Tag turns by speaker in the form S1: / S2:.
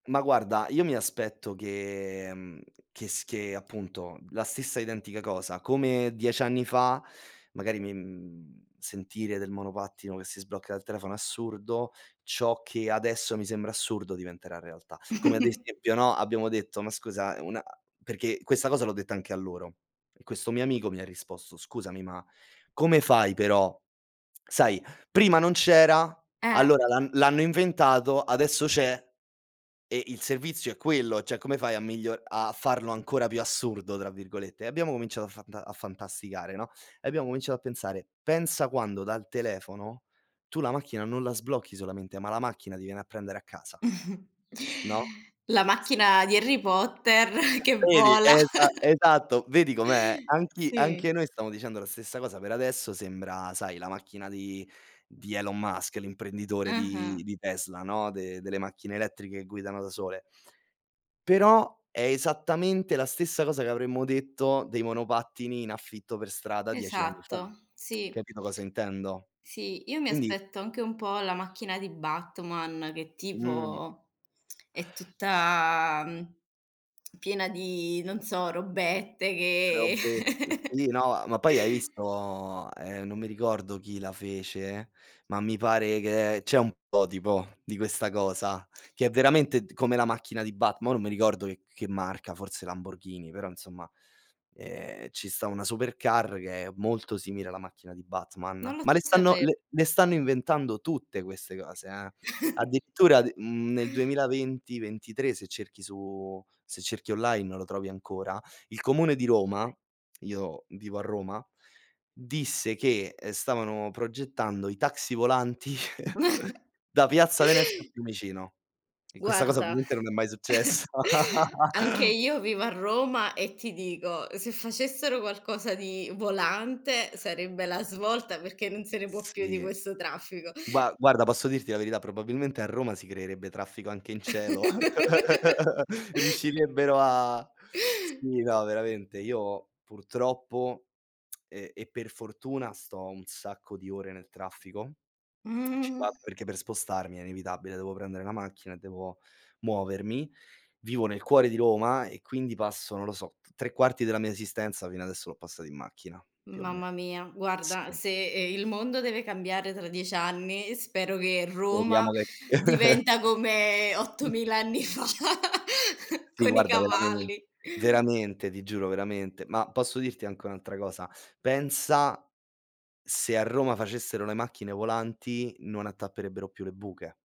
S1: Ma guarda, io mi aspetto che mhmm, che s che appunto la stessa identica cosa. Come 10 anni fa, magari mi mhmm, sentire del monopattino che si sblocca dal telefono assurdo, ciò che adesso mi sembra assurdo diventerà realtà. Come ad esempio, no, abbiamo detto, ma scusa, una perché questa cosa l'ho detta anche a loro, e questo mio amico mi ha risposto: "Scusami, ma come fai però? Sai, prima non c'era,
S2: Eh.
S1: allora l'han l'hanno inventato, adesso c'è. E il servizio è quello, cioè, come fai a miglio a farlo ancora più "assurdo" tra virgolette?" E abbiamo cominciato a fanta a fantasticare, no, e abbiamo cominciato a pensare: "Pensa quando dal telefono, tu la macchina non la sblocchi solamente, ma la macchina ti viene a prendere a casa". No?
S2: La
S1: Sì
S2: macchina di Harry Potter
S1: [unintelligible]
S2: che
S1: Vedi,
S2: vola.
S1: è esa esatto, vedi com'è? Anch'i anche
S2: Sì.
S1: noi stiamo dicendo la stessa cosa per adesso, sembra sai, la macchina di di Elon Musk, l'imprenditore
S2: Ah-ah.
S1: di di Tesla, no, de delle macchine elettriche che guidano da sole. Però, è esattamente la stessa cosa, che avremmo detto dei monopattini in affitto per strada 10 anni fa.
S2: Esatto, sì.
S1: Capito cosa intendo?
S2: Sì, io mi
S1: Quindi
S2: aspetto anche un po' la macchina di Batman, che
S1: Mhmm
S2: tipo, è tutta, mhmm, piena di non so, robette che
S1: Robett sì, no ma poi hai visto, ehm, non mi ricordo chi la fece, ma mi pare che c'è un prototipo di questa cosa, che è veramente d come la macchina di Batm mo non mi ricordo c che marca, forse Lamborghini, però insomma, ehm, ci sta una supercar, che è molto simile alla macchina di Batman,
S2: Non lo
S1: ma le stanno
S2: sape
S1: le le stanno inventando tutte queste cose, eh, addirittura d mhmm, nel 2020, 23 se cerchi su se cerchi online lo trovi ancora, il comune di Roma io vivo a Roma, disse che, ehm, stavano progettando i taxi volanti da piazza Venezia a Fiumicino, e questa cosa
S2: Guarda,
S1: ovviamente non è mai successa.
S2: anche io vivo a Roma, e ti dico, se facessero qualcosa di volante, sarebbe la svolta, perché non se ne può più di
S1: Sì,
S2: questo traffico.
S1: gua guarda, posso dirti la verità? Probabilmente a Roma si creerebbe traffico anche in cielo. Riuscirebbero a sì, no, veramente. Io purtroppo e e per fortuna, sto un sacco di ore nel traffico. Ci
S2: Mhmm
S1: vado perché per spostarmi è inevitabile, devo prendere la macchina e devo muovermi. Vivo nel cuore di Roma, e quindi passo, non lo so, t 3/4 della mia esistenza fino adesso l'ho passato in macchina più o meno.
S2: Mamma mia, guarda
S1: Sì.
S2: se, ehm, il mondo deve cambiare tra 10 anni, spero che Roma
S1: Speriamo che
S2: diventa come
S1: Mh
S2: 8000 anni fa,
S1: Sì,
S2: con i
S1: guarda veramen
S2: cavalli.
S1: veramente ti giuro, veramente, ma posso dirti anche un'altra cosa? Pensa, se a Roma facessero le macchine volanti, non attapperebbero più le buche.